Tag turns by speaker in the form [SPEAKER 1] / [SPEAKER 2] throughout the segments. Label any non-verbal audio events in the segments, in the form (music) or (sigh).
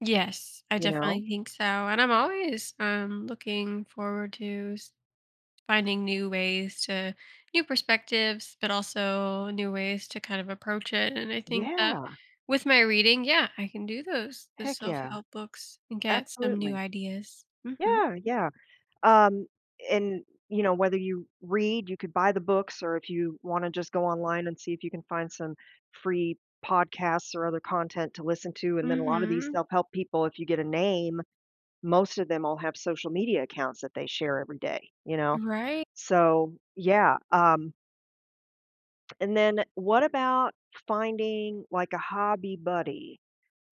[SPEAKER 1] Yes. I
[SPEAKER 2] You know?
[SPEAKER 1] definitely think so, and I'm always, um, looking forward to s finding new ways to new perspectives, but also new ways to kind of approach it, and I think that
[SPEAKER 2] Yeah!
[SPEAKER 1] with my reading yeah, I can do those, the
[SPEAKER 2] Heck, yeah.
[SPEAKER 1] self-help books and get some new
[SPEAKER 2] Absolutely.
[SPEAKER 1] ideas. Mhm.
[SPEAKER 2] Yeah, yeah, um, and, you know, whether you read, you could buy the books, or if you wanna just go online and see if you can find some free podcasts or other content to listen to, and then a lotta these
[SPEAKER 1] Mhm.
[SPEAKER 2] self-help people if you get a name, most of them all have social media accounts that they share every day, you know?
[SPEAKER 1] Right.
[SPEAKER 2] So, yeah, um And then, eh, what about finding like a hobby buddy?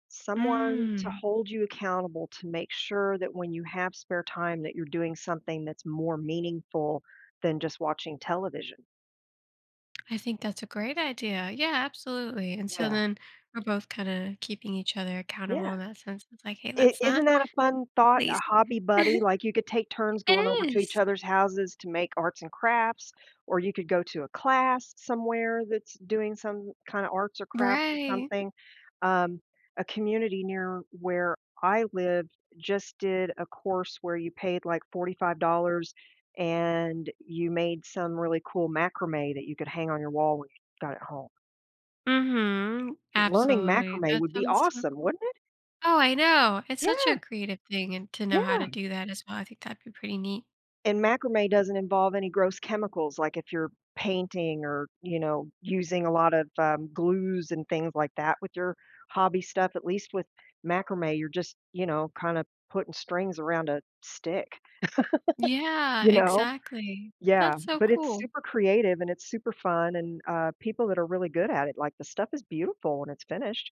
[SPEAKER 2] Someone to
[SPEAKER 1] Mm.
[SPEAKER 2] hold you accountable to make sure that when you have spare time that you're doing something that's more meaningful than just watching television?
[SPEAKER 1] I think that's a great idea yeah, absolutely, and so,
[SPEAKER 2] Yeah.
[SPEAKER 1] then we're both kinda keeping each other
[SPEAKER 2] Yeah.
[SPEAKER 1] accountable in that sense. It's like, "Hey,
[SPEAKER 2] I
[SPEAKER 1] let's
[SPEAKER 2] isn't
[SPEAKER 1] not
[SPEAKER 2] that a fun thought, a
[SPEAKER 1] lazy."
[SPEAKER 2] hobby buddy?
[SPEAKER 1] (chuckles)
[SPEAKER 2] Like you could take turns
[SPEAKER 1] It
[SPEAKER 2] going over to each
[SPEAKER 1] is!
[SPEAKER 2] other's houses to make arts and crafts, or you could go to a class somewhere that's doing some kinda arts or crafts or
[SPEAKER 1] Right.
[SPEAKER 2] something, um, a community near where I live just did a course where you paid like $45 and you made some really cool macrame that you could hang on your wall when you got at home.
[SPEAKER 1] Mhm,
[SPEAKER 2] L learning
[SPEAKER 1] absolutely,
[SPEAKER 2] macrame
[SPEAKER 1] that
[SPEAKER 2] would be
[SPEAKER 1] sounds so
[SPEAKER 2] awesome,
[SPEAKER 1] cool.
[SPEAKER 2] wouldn't it?
[SPEAKER 1] Oh, I know, it's such a
[SPEAKER 2] Yeah!
[SPEAKER 1] creative thing and to know how to
[SPEAKER 2] Yeah!
[SPEAKER 1] do that as well, I think that'd be pretty neat.
[SPEAKER 2] And macrame doesn't involve any gross chemicals, like, if you're painting or, you know, using a lot of, um, glues and things like that with your hobby stuff, at least with macrame, you're just, you know, kinda putting strings around a stick, (laughs)
[SPEAKER 1] Yeah,
[SPEAKER 2] you know?
[SPEAKER 1] exactly.
[SPEAKER 2] Yeah,
[SPEAKER 1] That's so
[SPEAKER 2] but it's
[SPEAKER 1] cool.
[SPEAKER 2] super creative and it's super fun and, uh, people that are really good at it, like, the stuff is beautiful when it's finished.